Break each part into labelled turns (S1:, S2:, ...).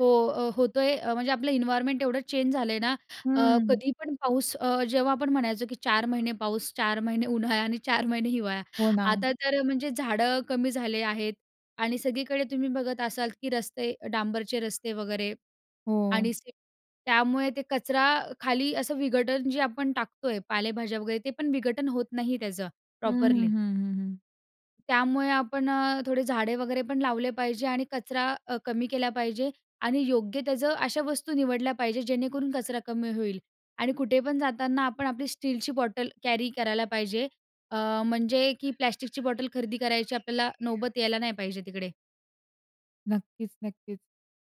S1: हो, अ, होतोय. म्हणजे आपलं इन्वायरनमेंट एवढं चेंज झालंय ना, अ,
S2: हं.
S1: कधी पण पाऊस अ, जेव्हा आपण म्हणायचो, की 4 महिने पाऊस, 4 महिने उन्हाळा आणि 4 महिने हिवाळा.
S2: हो ना.
S1: आता तर म्हणजे झाडं कमी झाले आहेत आणि सगळीकडे तुम्ही बघत असाल, की रस्ते डांबरचे रस्ते वगैरे
S2: हो.
S1: आणि सिमेंट त्यामुळे ते कचरा खाली असं विघटन जे आपण टाकतो आहे, पालेभाज्या वगैरे ते पण विघटन होत नाही त्याचं
S2: हं, हं,
S1: प्रॉपरली.
S2: हं, हं, हं.
S1: त्यामुळे आपण अ, थोडे झाडे वगैरे पण लावले पाहिजे आणि कचरा अ, कमी केला पाहिजे आणि योग्य त्याचं अशा वस्तू निवडल्या पाहिजे, जेणेकरून कचरा कमी होईल. आणि कुठे पण जाताना आपण आपली स्टीलची बॉटल कॅरी करायला पाहिजे, अ, म्हणजे, की प्लास्टिकची बॉटल खरेदी करायची आपल्याला नौबत यायला नाही पाहिजे तिकडे.
S2: नक्कीच, नक्कीच.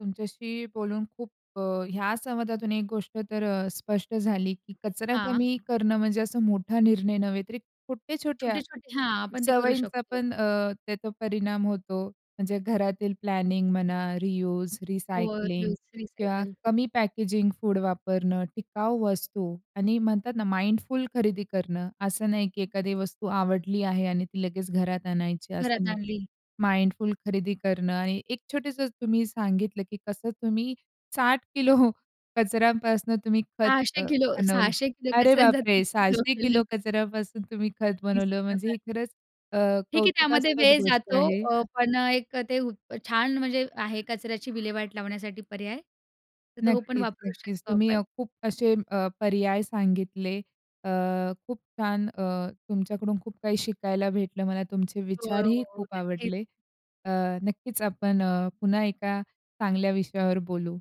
S2: तुमच्याशी बोलून खूप अ ह्या संवादातून एक गोष्ट तर अ, स्पष्ट झाली, की कचरा
S1: हां.
S2: कमी करणं म्हणजे असा मोठा निर्णय नव्हे, तर छोट्या-छोट्या
S1: छोटे-छोटे हां, आपण ते करू
S2: सवयींचा
S1: शकतो.
S2: पण अ, त्याचा परिणाम होतो. म्हणजे घरातील प्लॅनिंग म्हणा रियुज,
S1: फोर
S2: रिसायकलिंग
S1: युज
S2: किंवा
S1: रिसायकल.
S2: कमी पॅकेजिंग फूड वापरणं, टिकाऊ वस्तू आणि म्हणतात ना, माइंडफुल खरेदी करणं असं नाही, की एखादी वस्तू आवडली आहे आणि ती लगेच घरात आणायची असं
S1: घरात
S2: नाही.
S1: आणली.
S2: माइंडफुल खरेदी करणं आणि एक छोटसं तुम्ही सांगितलं, की कसं तुम्ही 60 किलो कचऱ्यांपासून तुम्ही खत
S1: 600
S2: अ,
S1: किलो,
S2: बनवलं.
S1: 600 किलो
S2: अरे
S1: कचऱ्याचा
S2: बापरे!
S1: 30 किलो
S2: 600
S1: केलं.
S2: किलो कचऱ्यापासून तुम्ही खत
S1: 30
S2: बनवलं,
S1: किलो
S2: म्हणजे हे
S1: कच
S2: खरंच अ,
S1: ठीक आहे, त्यामध्ये
S2: कौतुकास्पद
S1: वेळ
S2: गोष्ट
S1: जातो
S2: आहे.
S1: अ, पण एक अ, ते ऊत छान म्हणजे आहे, कचऱ्याची विल्हेवाट लावण्यासाठी पर्याय. तर तो पण
S2: नक्कीच,
S1: वापरू
S2: नक्कीच.
S1: शकतो
S2: तुम्ही
S1: आपण.
S2: अ, खूप असे अ, पर्याय सांगितले. अ, खूप छान अ, तुमच्याकडून खूप काही शिकायला भेटलं मला तुमचे
S1: हो,
S2: विचारही
S1: हो,
S2: खूप
S1: नक्कीच.
S2: आवडले. अ, नक्कीच आपण अ, पुन्हा एका चांगल्या विषयावर बोलू.